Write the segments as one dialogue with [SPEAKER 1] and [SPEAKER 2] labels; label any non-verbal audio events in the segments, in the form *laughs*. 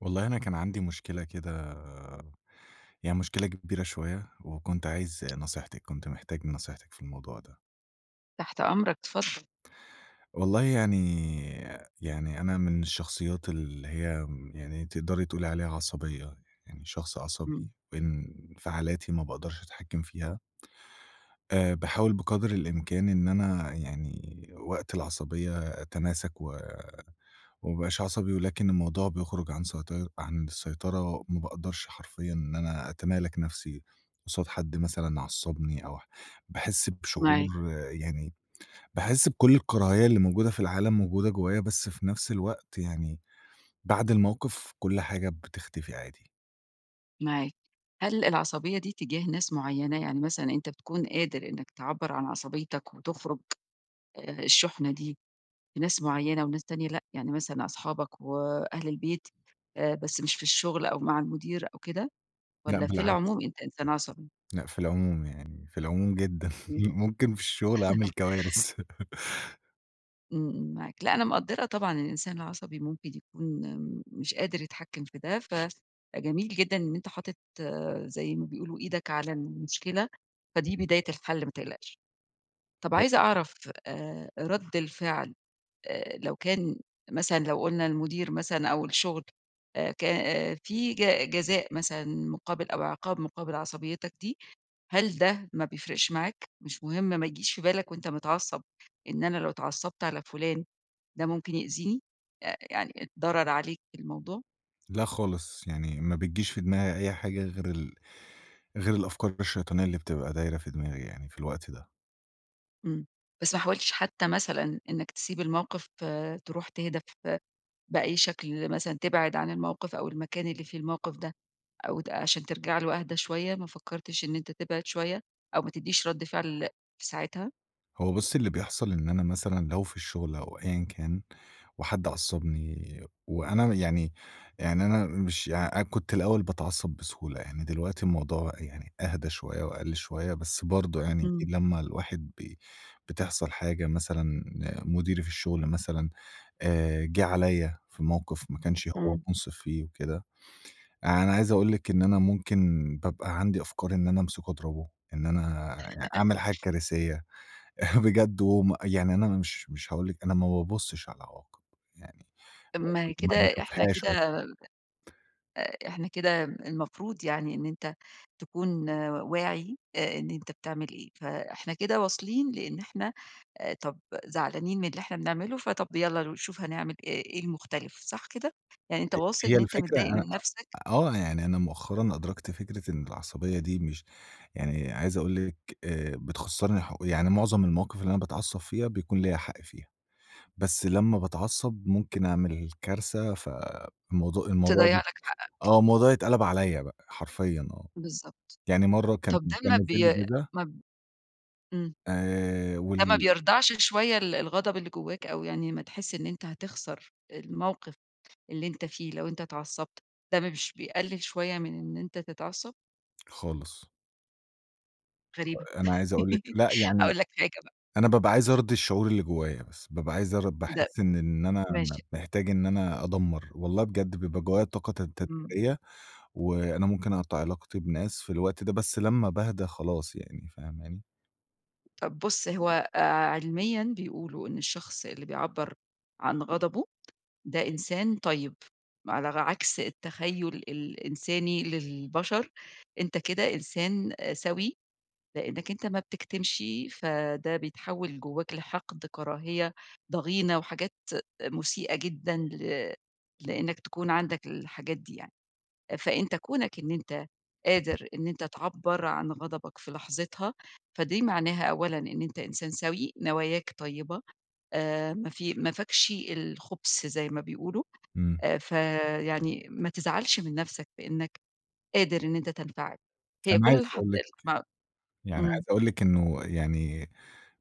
[SPEAKER 1] والله أنا كان عندي مشكلة كده يعني مشكلة كبيرة شوية، وكنت عايز نصيحتِك، كنت محتاج نصيحتِك في الموضوع ده.
[SPEAKER 2] تحت أمرك، اتفضل.
[SPEAKER 1] والله يعني يعني أنا من الشخصيات اللي هي امم يعني تقدري تقولي عليها عصبية، يعني شخص
[SPEAKER 2] امم.
[SPEAKER 1] عصبي، وانفعالاتي ما باقدرش أتحكم فيها. آآ، باحاول بقدر الإمكان إن أنا يعني وقت العصبية أتماسك و وما ابقاش عصبي، ولكن الموضوع بيخرج عن سيطي عن السيطرة، ما باقدرش حرفيًا إن أنا أتمالك نفْسي قصاد حد مثلًا عصّبني أو ح باحس
[SPEAKER 2] معاك.
[SPEAKER 1] بشعور يعني باحس بكل الكراهية اللي موجودة في العالم موجودة جوّايا، بس في نفس الوقت يعني بعد الموقف كل حاجة بتختفي عادي.
[SPEAKER 2] معاك، هل العصبية دي تجاه ناس معيّنة؟ يعني مثلًا أنت بتكون قادر إنك تعبّر عن عصبيتك وتخرج، آآ، الشُحنة دي في ناس معيّنة وناس تانية لأ؟ يعني مثلًا أصحابك وأهل البيت آآ بس مش في الشغل أو مع المدير أو كده،
[SPEAKER 1] لأ
[SPEAKER 2] والّا في العموم
[SPEAKER 1] بالعكس.
[SPEAKER 2] أنت إنسان عصبي؟
[SPEAKER 1] لأ في العموم يعني، في العموم جدًا
[SPEAKER 2] امم.
[SPEAKER 1] ممكن في الشغل أعمل
[SPEAKER 2] *chuckles*
[SPEAKER 1] كوارث. *chuckles*
[SPEAKER 2] امم، امم، معاك، لأ، أنا مقدّرة طبعًا الإنسان العصبي ممكن يكون مش قادر يتحكم في ده، فجميل جدًا إن أنت حاطط، زي ما بيقولوا، إيدك على المشكلة، فدي
[SPEAKER 1] اهم.
[SPEAKER 2] بداية الحل ما تقلقش. طب
[SPEAKER 1] *unintelligible*
[SPEAKER 2] عايزة أعرف، آآ رد الفعل آآ لو كان مثلًا لو قلنا المدير مثلًا أو الشغل، آآ ك في ج جزاء مثلًا مقابل أو عقاب مقابل عصبيتك دي، هل ده ما بيفرقش معاك، مش مهم، ما يجيش في بالك وأنت متعصب إن أنا لو اتعصبت على فلان ده ممكن يأذيني، آآ يعني ضرر عليك الموضوع؟
[SPEAKER 1] لأ خالص يعني، ما بتجيش في دماغي أي حاجة غير ال غير الأفكار الشيطانية اللي بتبقى دايرة في دماغي يعني، في الوقت ده.
[SPEAKER 2] امم، بس ما حاولتش حتى مثلًا إنك تسيب الموقف؟ آآ تروح تهدى ف بأي شكل مثلًا، تبعد عن الموقف أو المكان اللي فيه الموقف ده، أو ت عشان ترجع له اهدى شوية، ما فكرتش إن أنت تبعد شوية، أو ما تدّيش رد فعل في ساعتها؟
[SPEAKER 1] هو بُصّي، اللي بيحصل إن أنا مثلًا لو في الشغل أو أيًا كان، وحد عصبني، وأنا يعني يعني أنا مش أنا كنت الأوّل باتعصب بسهولة يعني، دلوقتي الموضوع يعني أهدى شويّة وأقل شويّة، بس برضو يعني،
[SPEAKER 2] امم.
[SPEAKER 1] لمّا الواحد بي بتحصل حاجة مثلًا، مديري في الشغل مثلًا، آآ، جه عليّا في موقف ما كانش هو
[SPEAKER 2] امم.
[SPEAKER 1] منصف فيه وكده، أنا عايز أقول لِك إن أنا ممكن بابقى عندي أفكار إن أنا امسكه اضربه، إن أنا أعمل حاجة
[SPEAKER 2] *laughs*
[SPEAKER 1] كارثية بجد يعني، أنا مش مش هاقول لِك، أنا ما بابصش على العواقب يعني، ما
[SPEAKER 2] ما
[SPEAKER 1] باش ما
[SPEAKER 2] كده إحنا
[SPEAKER 1] باشوفهاش
[SPEAKER 2] كده
[SPEAKER 1] أصلّا.
[SPEAKER 2] آآ إحنا كده المفروض يعني إن أنت تكون واعي آآ إن أنت بتعمل إيه، فإحنا كده واصلين لإن إحنا طب زعلانين من اللي إحنا بنعمله، فطب يالّا نشوف هنعمل إيه، إيه المختلف، صح كده؟ يعني أنت
[SPEAKER 1] ه
[SPEAKER 2] واصل
[SPEAKER 1] هي
[SPEAKER 2] إن أنت
[SPEAKER 1] الفكرة،
[SPEAKER 2] متضايق
[SPEAKER 1] أنا
[SPEAKER 2] من نفسك.
[SPEAKER 1] آه، يعني أنا مؤخرًا أدركت فكرة إن العصبية دي مش يعني عايز أقول لِك، آآ بتخسّرني ح يعني معظم المواقف اللي أنا باتعصب فيها، بيكون ليّا حق فيها، بس لمّا باتعصب، ممكن أعمل كارثة، فالموضوع الموضوع
[SPEAKER 2] تضيّع لك حقك.
[SPEAKER 1] آه، الموضوع يتقلب عليّا بقى، حرفيًا آه.
[SPEAKER 2] بالضبط،
[SPEAKER 1] يعني مرة كان
[SPEAKER 2] طب ده
[SPEAKER 1] كان
[SPEAKER 2] ما
[SPEAKER 1] نازل لي
[SPEAKER 2] بي
[SPEAKER 1] جِزا
[SPEAKER 2] ما ب امم.
[SPEAKER 1] آآ
[SPEAKER 2] ده ما
[SPEAKER 1] وال
[SPEAKER 2] بيردعش شوية ال الغضب اللي جواك، أو يعني ما تحس إن أنت هتخسر الموقف اللي أنت فيه لو أنت اتعصبت، ده مش بيقلل شوية من إن أنت تتعصب؟
[SPEAKER 1] خالص.
[SPEAKER 2] غريبة.
[SPEAKER 1] آآ، أنا عايز أقول لِك
[SPEAKER 2] *laughs*
[SPEAKER 1] لأ يعني
[SPEAKER 2] هاقول لك حاجة بقى.
[SPEAKER 1] أنا بابقى عايز أرضي الشعور اللي جوّايا بس، بابقى عايز أرض
[SPEAKER 2] ده
[SPEAKER 1] باحِس إن إن أنا م
[SPEAKER 2] ماشي.
[SPEAKER 1] محتاج إن أنا أدمَّر. والله بجد بيبقى جوّايا طاقة تتد
[SPEAKER 2] إمم.
[SPEAKER 1] تدميرية، وأنا ممكن أقطَع علاقتي بناس في الوقت ده، بس لمّا باهدى خلاص يعني، فاهماني؟
[SPEAKER 2] طَب بُص، هو آآ علميًا بيقولوا إن الشخص اللي بيعبَّر عن غضبه ده إنسان طيب، ما ألغ عكس التخيُّل الإنساني للبشر، أنت كده إنسان سَوِي لإنّك أنت ما بتكتمش، فده بيتحوِّل جوّاك لحقد كراهية ضغينة وحاجات مُسيئة جدًا ل لإنّك تكون عندك الحاجات دي يعني. آآ، فأنت كونك إن أنت
[SPEAKER 1] *unintelligible*
[SPEAKER 2] قادر إن أنت تعبَّر عن غضبك في لحظتها، فدي معناها أولًا إن أنت إنسان سَوِي، نواياك طيّبة، آآ ما في ما فيكش الخُبث زي ما بيقولوا.
[SPEAKER 1] إمم.
[SPEAKER 2] آآ، ف يعني ما تزعلش من نَفْسك بإنّك قادر إن أنت تنفعل. هي
[SPEAKER 1] أنا
[SPEAKER 2] كل
[SPEAKER 1] عايز أقول لِك
[SPEAKER 2] *unintelligible*
[SPEAKER 1] يعني عايز
[SPEAKER 2] إمم.
[SPEAKER 1] أقول لِك إنه يعني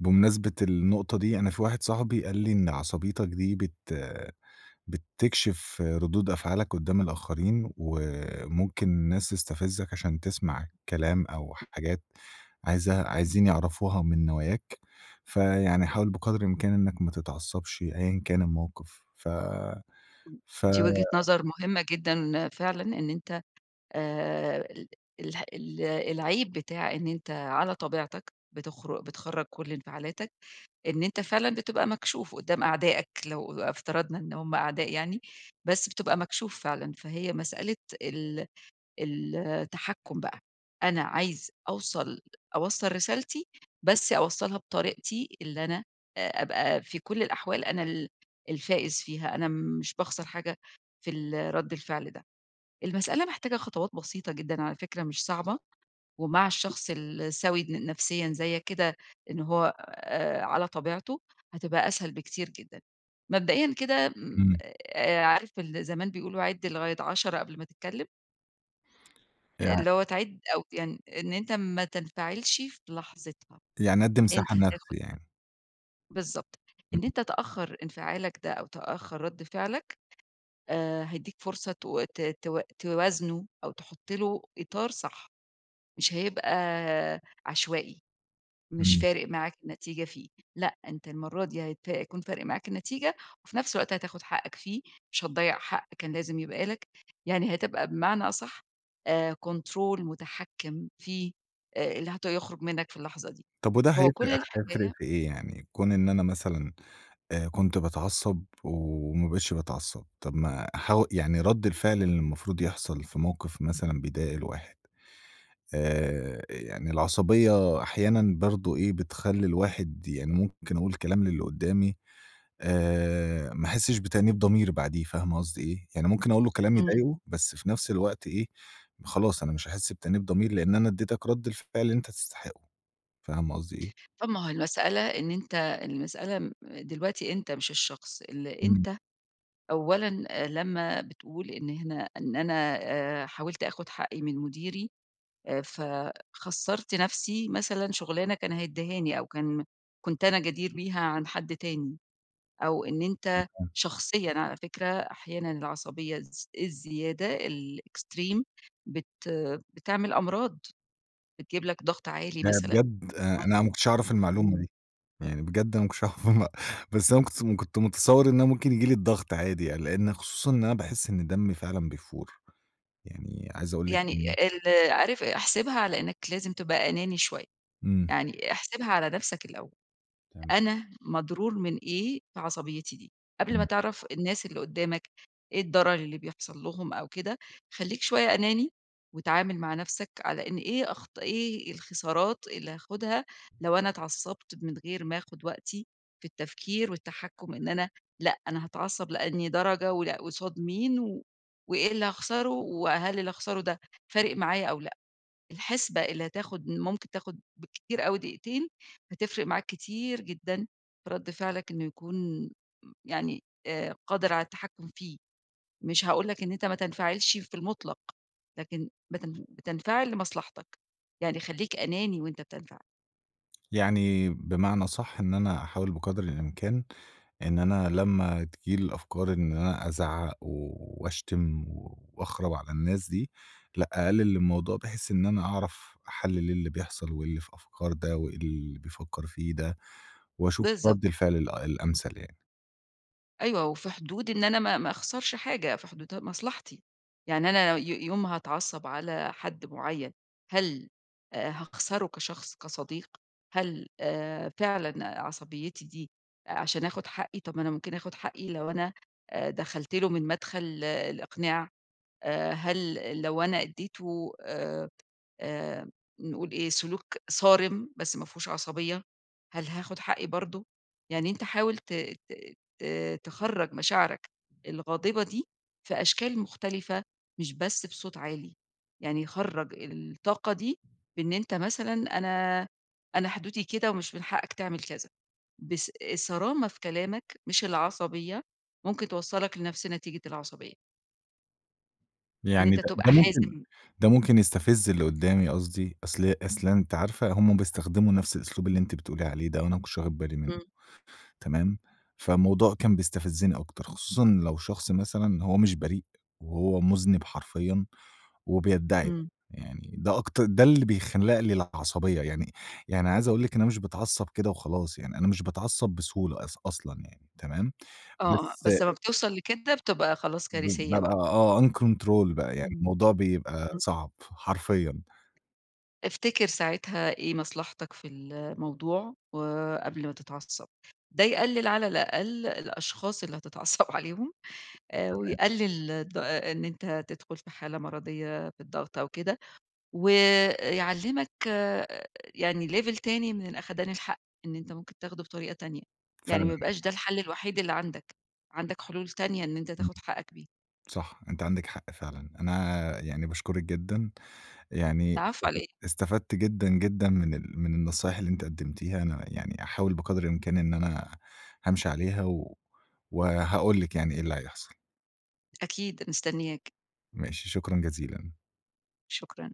[SPEAKER 1] بمناسبة النقطة دي، أنا في واحد صاحبي قال لي: "إن عصبيتك دي بت بتكشف ردود أفعالك قُدّام الآخرين وممكن الناس تستفزَّك عشان تسمع الكلام أو حاجات عايز عايزين يعرفوها من نواياك، فيعني حاول بقدر الإمكان إنّك ما تتعصّبش أيًا كان الموقف." ف ف
[SPEAKER 2] دي وجهة نظر مهمة جدًا. فعلًا إن أنت آآ ال اله ال العيب بتاع إن أنت على طبيعتك، بتخر بتخرَّج كل انفعالاتك، إن أنت فعلًا بتبقى مكشوف قُدّام أعدائك لو ا افترضنا إن هم أعداء يعني، بس بتبقى مكشوف فعلًا، فهي مسألة ال التحكُّم بقى، أنا عايز أوصل أوصَّل رسالتي، بس أوصَّلها بطريقتي اللي أنا آآ أبقى في كل الأحوال أنا ال الفائز فيها، أنا مش باخسر حاجة في ال رَد الفعل ده. المسألة محتاجة خطوات بسيطة جدًا على فكرة مش صعبة ومع الشخص السَوِي ن نفسيًا زيّك كده إن هو آآ على طبيعته، هتبقى أسهل بكتير جدًا. مبدئيًا كده م
[SPEAKER 1] إمم.
[SPEAKER 2] آآ، عارف ال زمان بيقولوا عِدْ لغاية 10، قبل ما تتكلّم؟ آآ،
[SPEAKER 1] يع
[SPEAKER 2] اللي هو تعيد أو يعن إن أنت ما تنفعلش في لحظتها،
[SPEAKER 1] يعني أدِّي
[SPEAKER 2] أنت
[SPEAKER 1] مساحة
[SPEAKER 2] هتاخد
[SPEAKER 1] لنفسي يعني.
[SPEAKER 2] *unintelligible* بالضبط،
[SPEAKER 1] امم.
[SPEAKER 2] إن أنت تأخر إنفعالك ده، أو تأخر رَدّ فعلك، آآ، هيدّيك فرصة تو ت ت توازنه أو تحُطّ له إطار صح، مش هيبقى عشوائي، مش
[SPEAKER 1] امم.
[SPEAKER 2] فارق معاك النتيجة فيه لأ، أنت المَرّة دي هيت هيكون فارق معاك النتيجة، وفي نفس الوقت هتاخُد حقك فيه، مش هتضيَّع حق كان لازم يبقى لك، يعني هتبقى بمعنى أصحّ، آآ، كنترول مُتحكم فيه، آآ اللي هت يخرج منك في اللحظة دي،
[SPEAKER 1] طب وده
[SPEAKER 2] هو كُلّ
[SPEAKER 1] هيفرق هيفرق
[SPEAKER 2] الحكاية
[SPEAKER 1] في إيه يعني؟ كون إن أنا مثلًا آآ كنت باتعصب، وما بقيتش باتعصب، طب ما حو يعني رَدّ الفعل اللي المفروض يحصل في موقف مثلًا بيضايق الواحد، آآ، يعني العصبية أحيانًا برضه إيه، بتخلّي الواحد يعني ممكن أقول كلام للّي قدامي، آآ ما أحِسّش بتأنيب ضمير بعديه، فاهمة قصدي إيه؟ يعني ممكن أقول له كلام
[SPEAKER 2] امم.
[SPEAKER 1] يضايقُه، بس في نفس الوقت إيه، خلاص، أنا مش هاحِسّ بتأنيب ضمير، لإن أنا أدّيتك رَدّ الفعل اللي أنت تستحقُّه، فاهمة قصدي إيه؟
[SPEAKER 2] طب ما هو المسألة، إن أنت المسألة م دلوقتي أنت مش الشخص، اللي
[SPEAKER 1] إمم.
[SPEAKER 2] أنت أولًا آآ، لمّا بتقول إن هنا إن أنا آآ حاولت آخُد حقي من مديري، آآ، ف خَسّرت نفسي مثلًا شُغلانة كان هيديهاني، أو كان كنت أنا جدير بيها عن حد تاني، أو إن أنت
[SPEAKER 1] تمام.
[SPEAKER 2] شخصيًا على فكرة أحيانًا العصبية الز الزيادة، الExtreme بت بتعمل أمراض، بتجيب لك ضغط عالي
[SPEAKER 1] أنا
[SPEAKER 2] مثلًا،
[SPEAKER 1] بجد آآ أنا ما
[SPEAKER 2] ممكن
[SPEAKER 1] كنتش أعرف المعلومة
[SPEAKER 2] امم.
[SPEAKER 1] دي، يعني بجد أنا ما كنتش أعرف المع بس أنا س كنت كنت متصور إن أنا ممكن ييجي لي الضغط عادي يعني، لإن خصوصًا إن أنا باحِسّ إن دمّي فعلًا بيفُور، يعني عايز أقول لِك
[SPEAKER 2] يعني
[SPEAKER 1] إن
[SPEAKER 2] ال عارف، آآ، احسبها على إنّك لازم تبقى أناني شوية،
[SPEAKER 1] امم.
[SPEAKER 2] يعني احسبها على نفسك الأول،
[SPEAKER 1] تما
[SPEAKER 2] أنا مضرور من إيه بعصبيتي دي؟ قبل ما
[SPEAKER 1] امم.
[SPEAKER 2] تعرف الناس اللي قُدامك إيه الضرر اللي بيحصل لهم أو كده، خلّيك شوية أناني، واتعامل مع نفسك على إن إيه أخط إيه الخسارات اللي هاخدها، لو أنا اتعصبت من غير ما آخُد وقتي في التفكير والتحكم، إن أنا لأ، أنا هاتعصب لأنهي درجة، ولأ، قُصاد مين، و وإيه اللي هاخسرُه، و هل اللي هاخسرُه ده فارق معايا أو لأ؟ الحسبة اللي هتاخد م ممكن تاخد بالكتير أوي دقيقتين، هتفرق معاك كتير جدًا، في رد فعلك إنه يكون م يعني آآ قادر على التحكُم فيه، مش هاقول لك إن أنت ما تنفعلش في المُطلق، لكن بتنف بتنفعل لمصلحتك، يعني خلّيك أناني وأنت بتنفعل.
[SPEAKER 1] يعني بمعنى أصح، إن أنا أحاول بقدر الإمكان إن أنا لمّا تيجي لي الأفكار إن أنا أزعق و وأشتم وأخرَب على الناس دي، لأ أقلل الموضوع، بحيّث إن أنا أعرف أحلِّل اللي بيحصل، وإيه اللي في أفكار ده وإيه اللي بيفكر فيه ده، وأشوف
[SPEAKER 2] بالضبط.
[SPEAKER 1] رد الفعل ال الأمثل يعني.
[SPEAKER 2] أيوه، وفي حدود، إن أنا ما ما أخسرش حاجة، في حدود مصلحتي، يعني أنا ي يوم ما هاتعصب على حد معيّن، هل آآ، هاخسره كشخص، كصديق، هل آآ فعلًا عصبيتي دي عشان آخد حقي؟ طب ما أنا ممكن آخد حقي لو أنا آآ، دخلت له من مدخل الإقناع، آآ، هل لو أنا اديته آآ، آآ نقول إيه، سلوك صارم، بس ما فيهوش عصبية، هل هاخد حقي برضه؟ يعني أنت حاول ت ت ت تخرّج مشاعرك الغاضبة دي في أشكال مختلفة، مش بس في صوت عالي، يعني خرّج الطاقة دي، في إن أنت مثلًا أنا أنا حدودي كده، ومش من حقك تعمل كذا، بص الصرامة في كلامك مش العصبية، ممكن توصّلك لنفس نتيجة العصبية. إن
[SPEAKER 1] يعني
[SPEAKER 2] أنت
[SPEAKER 1] ده
[SPEAKER 2] تبقى
[SPEAKER 1] ده ممكن
[SPEAKER 2] حازم.
[SPEAKER 1] ده ممكن يستفِز اللي قُدّامي قصدي، أصل أصل أنتِ عارفة هُم بيستخدموا نفس الأسلوب اللي أنتِ بتقولي عليه ده وأنا ما كنتش واخِد بالي منُّه،
[SPEAKER 2] امم.
[SPEAKER 1] تمام، فالموضوع كان بيستفزّني أكتر، خصوصًا لو شخص مثلًا إن هو مش بريء وهو مُذنِب حرفيًا، وبيدّعي ده،
[SPEAKER 2] امم.
[SPEAKER 1] يعني ده أكتر ده اللي بيخلَّق لي العصبية يعني، يعني عايز أقول لِك إن أنا مش باتعصّب كده وخلاص يعني، أنا مش باتعصّب بسهولة، أص أصلًا يعني، تمام،
[SPEAKER 2] آه، آه،
[SPEAKER 1] بس آآ
[SPEAKER 2] بس لما بتوصَل لكده بتبقى خلاص
[SPEAKER 1] ب
[SPEAKER 2] كارثية
[SPEAKER 1] بابقى
[SPEAKER 2] بقى.
[SPEAKER 1] آه uncontrol بقى، يعني
[SPEAKER 2] آمم،.
[SPEAKER 1] الموضوع بيبقى
[SPEAKER 2] *unintelligible*
[SPEAKER 1] صعب، حرفيًا.
[SPEAKER 2] افتكِر ساعتها إيه مصلحتك في الموضوع وقبل ما تتعصّب، ده يقلِّل على الأقل الأشخاص اللي هتتعصّب عليهم،
[SPEAKER 1] امم،
[SPEAKER 2] آآ
[SPEAKER 1] تمام.
[SPEAKER 2] ويقلّل الض آآ، إن أنت تدخُل في حالة مَرَضيّة في الضغط أو كده، و يعلّمك آآ، يعني level تاني من الأخَدان الحق، إن أنت ممكن تاخده بطريقة تانية، يعني ما
[SPEAKER 1] فعلًا
[SPEAKER 2] يبقاش ده
[SPEAKER 1] *unintelligible*
[SPEAKER 2] الحَل الوحيد اللي عندك، عندك حلول تانية إن أنت
[SPEAKER 1] آمم،
[SPEAKER 2] تاخُد حقّك بيها.
[SPEAKER 1] صح، أنتِ عندِك حق فعلًا. أنا يعني باشكرِك جدًا، يعني
[SPEAKER 2] العفو علي
[SPEAKER 1] استف
[SPEAKER 2] إيه؟
[SPEAKER 1] استفدت جدًا، جدًا من ال من النصايح اللي أنتِ قدّمتيها، أنا يعني أحاول بقَدْر الإمكان إن أنا هامشِي عليها و وهاقول لِك يعني إيه اللي هيحصَل.
[SPEAKER 2] أكيد، مستنيّاك.
[SPEAKER 1] ماشي، شكرًا جزيلًا.
[SPEAKER 2] شكرًا.